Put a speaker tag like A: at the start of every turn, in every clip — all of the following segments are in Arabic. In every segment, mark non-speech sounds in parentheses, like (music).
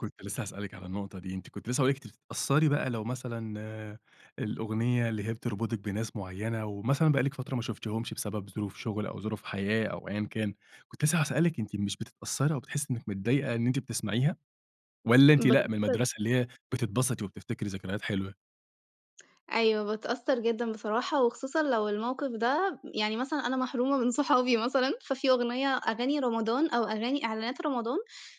A: كنت لسّه هاسألِك على النقطة دي، أنتِ كنتِ لسّه هاقول لِك أنتِ بتتأثّري بقى لو مثلًا الأغنية اللي هي بتربطِك بناس معيّنة ومثلًا بقالِك فترة ما شُفتيهمش بسبب ظروف شغل أو ظروف حياة أو أيًا كان، كنت لسّه هاسألِك أنتِ مش بتتأثّري أو بتحسّي إنّك متضايقة إن أنتِ بتسمعيها والَّا أنتِ لأ من
B: باتأثّر
A: المدرسة اللي هي بتتبسطي وبتفتكري ذكريات حلوة؟
B: أيوَه باتأثّر جدًا بصراحة وخصوصًا لو الموقف ده يعني مثلًا أنا محرومة من صحابي مثلًا، ففي أغنية أغاني رمضان أو أغاني إعلانات رمضان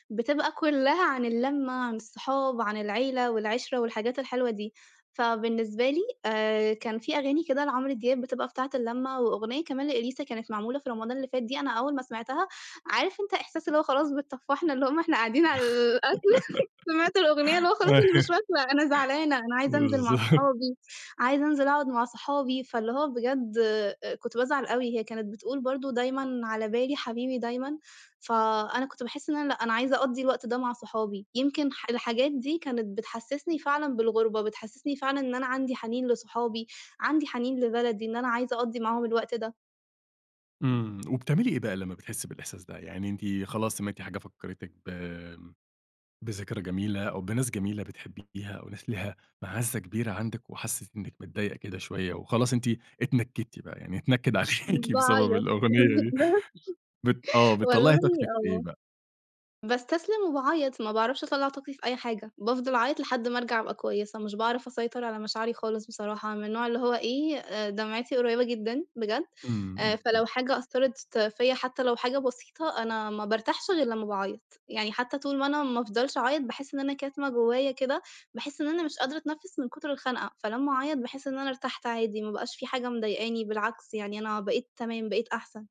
B: بتبقى كلّها عن اللمّة، عن الصحاب، عن العيلة والعِشرة والحاجات الحلوة دي، فبالنسبة لي آآ كان في أغاني كده لعمرو دياب بتبقى بتاعة اللمة، وأغنية كمان لإليسا كانت معمولة في رمضان اللي فات دي أنا أوّل ما سمعتها عارف أنت إحساس اللي هو خلاص بتطفحنا اللقمة وإحنا قاعدين على الأكل (laughs) سمعت الأغنية اللي هو خلاص
A: (laughs) ايوه
B: أنا مش واكلة أنا زعلانة أنا عايزة أنزل مع
A: بالضبط.
B: صحابي، عايزة أنزل أقعد مع صحابي، فاللي هو بجد آآ كنت بازعل أوي، هي كانت بتقول برضو دايمًا على بالي حبيبي دايمًا، فأنا كنت باحس إن أنا لأ أنا عايزة أقضي الوقت ده مع صحابي، يمكن ح الحاجات دي كانت بتحسسني فعلًا بالغُربة، بتحسسني فعلًا إن أنا عندي حنين لصحابي، عندي حنين لبلدي، إن أنا عايزة أقضي معاهم الوقت ده.
A: إمم وبتعملي إيه بقى لمّا بتحسّي بالإحساس ده، يعني أنتِ خلاص سمعتِ حاجة فكرتِك ب بذكرى جميلة أو بناس جميلة بتحبيها أو ناس ليها مَعزّة كبيرة عندِك وحسيتِ إنّك متضايقة كده شويّة وخلاص أنتِ اتنكدتِ بقى يعني اتنكد عليكِ بسبب
B: باعيط
A: الأغنية دي بت آه
B: (unintelligible)
A: بتطلعي
B: والله
A: طاقتِك في إيه
B: آه
A: بقى؟
B: باستسلم وباعيط، ما باعرفش أطلع طاقتي في أي حاجة بافضل أعيط لحد ما أرجع أبقى كويّسة، مش باعرف أسيطر على مشاعري خالص بصراحة، أنا من النوع اللي هو إيه دمعتي قريبة جدًا بجد،
A: إمم،
B: آآ
A: إمم، إمم.
B: فلو حاجة أثّرت فيّ حتّى لو حاجة بسيطة أنا ما بارتاحش غير لمّا باعيط، يعني حتّى طول ما أنا ما أفضلش أعيط باحس إن أنا كاتمة جوّايا كده، باحس إن أنا مش قادرة أتنفّس من كتر الخنقة، فلما أعيط باحس إن أنا ارتحت عادي ما بقاش في حاجة مضايقاني، بالعكس يعني أنا بقيت تمام، بقيت أحسن.